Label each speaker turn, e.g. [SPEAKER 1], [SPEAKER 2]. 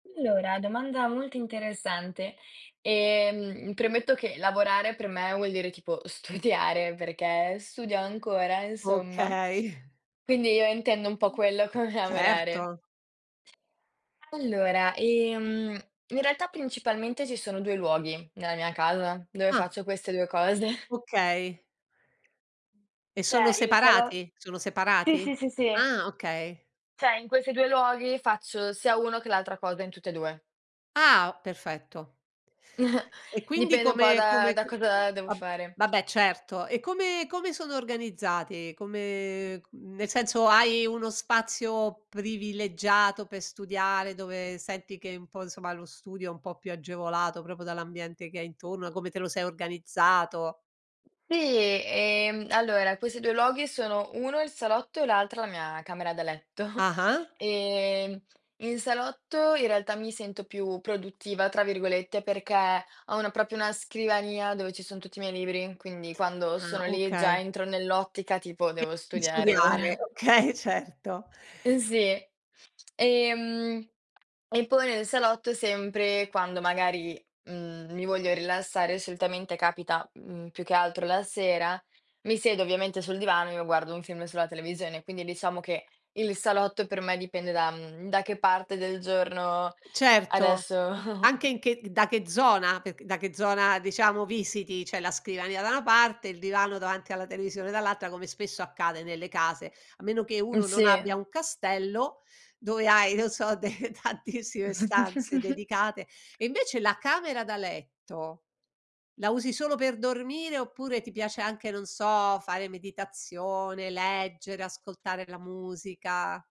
[SPEAKER 1] Allora, domanda molto interessante. Ehm, premetto che lavorare, per me vuol dire tipo studiare, perché studio ancora, insomma.
[SPEAKER 2] Okay.
[SPEAKER 1] Quindi io intendo un po' quello, come lavorare.
[SPEAKER 2] Certo.
[SPEAKER 1] Allora, ehm, in realtà, principalmente, ci sono 2 luoghi nella mia casa, dove
[SPEAKER 2] Ah.
[SPEAKER 1] faccio queste 2 cose.
[SPEAKER 2] Okay. E sono
[SPEAKER 1] Cioè, il salo
[SPEAKER 2] separati? Sono
[SPEAKER 1] sì, sì,
[SPEAKER 2] separati?
[SPEAKER 1] sì, sì.
[SPEAKER 2] Ah, okay.
[SPEAKER 1] Cioè in questi 2 luoghi, faccio sia uno che l'altra cosa, in tutti e 2.
[SPEAKER 2] Ah, perfetto. E quindi
[SPEAKER 1] Dipende un po',
[SPEAKER 2] come
[SPEAKER 1] da
[SPEAKER 2] come
[SPEAKER 1] da cosa devo
[SPEAKER 2] ab
[SPEAKER 1] fare.
[SPEAKER 2] vabbè, certo. E come come sono organizzati? Come c nel senso, hai uno spazio privilegiato per studiare, dove senti che un po', insomma, lo studio è un po' più agevolato, proprio dall'ambiente che hai intorno, da come te lo sei organizzato.
[SPEAKER 1] Sì, ehm, allora, questi 2 luoghi, sono uno il salotto e l'altra la mia camera da letto.
[SPEAKER 2] Ah-ah.
[SPEAKER 1] Ehm, in salotto, in realtà, mi sento "più produttiva" tra virgolette, perché ho una proprio una scrivania, dove ci sono tutti i miei libri, quindi quando
[SPEAKER 2] Ah,
[SPEAKER 1] sono lì, già
[SPEAKER 2] okay.
[SPEAKER 1] entro nell'ottica tipo:
[SPEAKER 2] Che
[SPEAKER 1] devo
[SPEAKER 2] di
[SPEAKER 1] studiare
[SPEAKER 2] studiare,
[SPEAKER 1] ora.
[SPEAKER 2] okay, certo.
[SPEAKER 1] Uhm, sì. Ehm e poi nel salotto, sempre quando magari, mhmm, mi voglio rilassare, solitamente capita, mhmm, più che altro la sera, mi siedo ovviamente sul divano e io guardo un film sulla televisione. Quindi, diciamo, che il salotto per me, dipende da, mhmm, da che parte del giorno
[SPEAKER 2] Certo,
[SPEAKER 1] adesso
[SPEAKER 2] anche in che da che zona, perc da che zona, diciamo, visiti. C'è la scrivania da una parte, il divano davanti alla televisione dall'altra, come spesso accade nelle case, a meno che
[SPEAKER 1] Mh,
[SPEAKER 2] uno non abbia
[SPEAKER 1] sì.
[SPEAKER 2] un castello, dove hai, non so, de tantissime stanze dedicate. E invece la camera da letto, la usi solo per dormire oppure ti piace anche, non so, fare meditazione, leggere, ascoltare la musica?